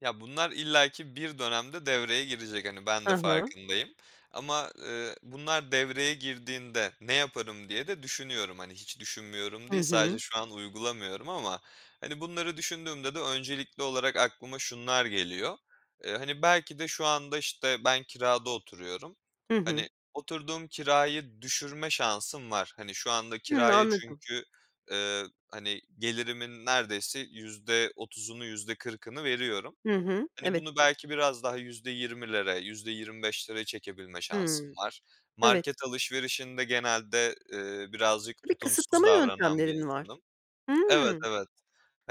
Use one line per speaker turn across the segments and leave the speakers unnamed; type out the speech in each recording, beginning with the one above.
Ya, bunlar illaki bir dönemde devreye girecek, hani, ben
Hı
de
hı.
farkındayım ama, eee, "Bunlar devreye girdiğinde ne yaparım?" diye de düşünüyorum. Hani, hiç düşünmüyorum
Hı
değil, sadece
hı.
şu an uygulamıyorum ama hani, bunları düşündüğümde de öncelikli olarak aklıma şunlar geliyor: Eee, hani, belki de şu anda, işte, ben kirada oturuyorum,
Hı hı.
hani, oturduğum kirayı düşürme şansım var; hani, şu anda
Hıı,
kiraya
anladım.
çünkü ııı, hani, gelirimin neredeyse %30'unu, %40'ını veriyorum.
Hı hı,
Hani,
evet.
bunu belki biraz daha %20'lere, %25'lere çekebilme şansım
Hımm,
var.
evet.
Market alışverişinde genelde, ııı, birazcık
Bir
tutumsuz
kısıtlama
davranan bir
yöntemlerin var.
insanım. Evet,
Hımm,
evet.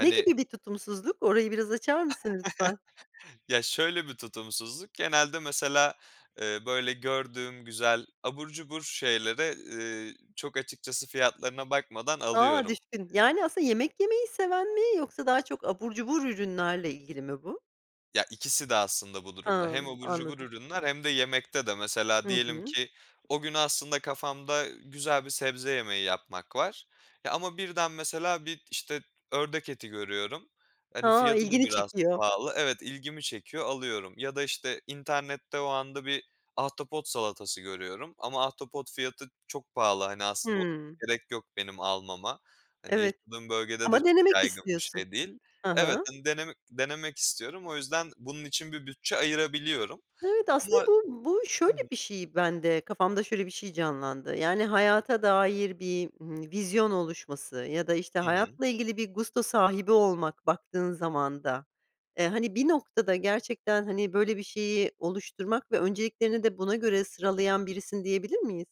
ne gibi bir tutumsuzluk? Orayı biraz açar mısın ,lütfen?
Ya, şöyle bir tutumsuzluk: Genelde mesela, eee, böyle gördüğüm güzel abur cubur şeyleri, ııı, çok açıkçası fiyatlarına bakmadan
A,
alıyorum.
düşün! Yani aslında yemek yemeyi seven mi yoksa daha çok abur cubur ürünlerle ilgili mi bu?
Ya, ikisi de aslında bu durumda. Hem
Hımm,
abur cubur
anladım.
ürünler hem de yemekte de. Mesela,
Hı
diyelim
hı.
ki o gün aslında kafamda güzel bir sebze yemeği yapmak var, eee, ama birden, mesela, bir, işte, ördek eti görüyorum. Hani,
Ha,
fiyatı da
ilgini
biraz
çekiyor.
pahalı, evet, ilgimi çekiyor, alıyorum. Ya da işte, internette o anda bir ahtapot salatası görüyorum ama ahtapot fiyatı çok pahalı. Hani, aslında o
Hımm.
gerek yok benim almama, hani,
Evet.
yaşadığım bölgede de
Ama
çok
denemek
yaygın bir
istiyorsun.
şey değil.
Hı
Evet,
hı.
hani, deneme denemek istiyorum, o yüzden bunun için bir bütçe ayırabiliyorum.
Evet ,aslında
Ama
bu bu şöyle
Tabii.
bir şey bende, kafamda şöyle bir şey canlandı. Yani, hayata dair bir, ııı, vizyon oluşması ya da işte,
Hı hı.
hayatla ilgili bir gusto sahibi olmak baktığın zaman da. Eee, hani, bir noktada gerçekten, hani, böyle bir şeyi oluşturmak ve önceliklerini de buna göre sıralayan birisin, diyebilir miyiz?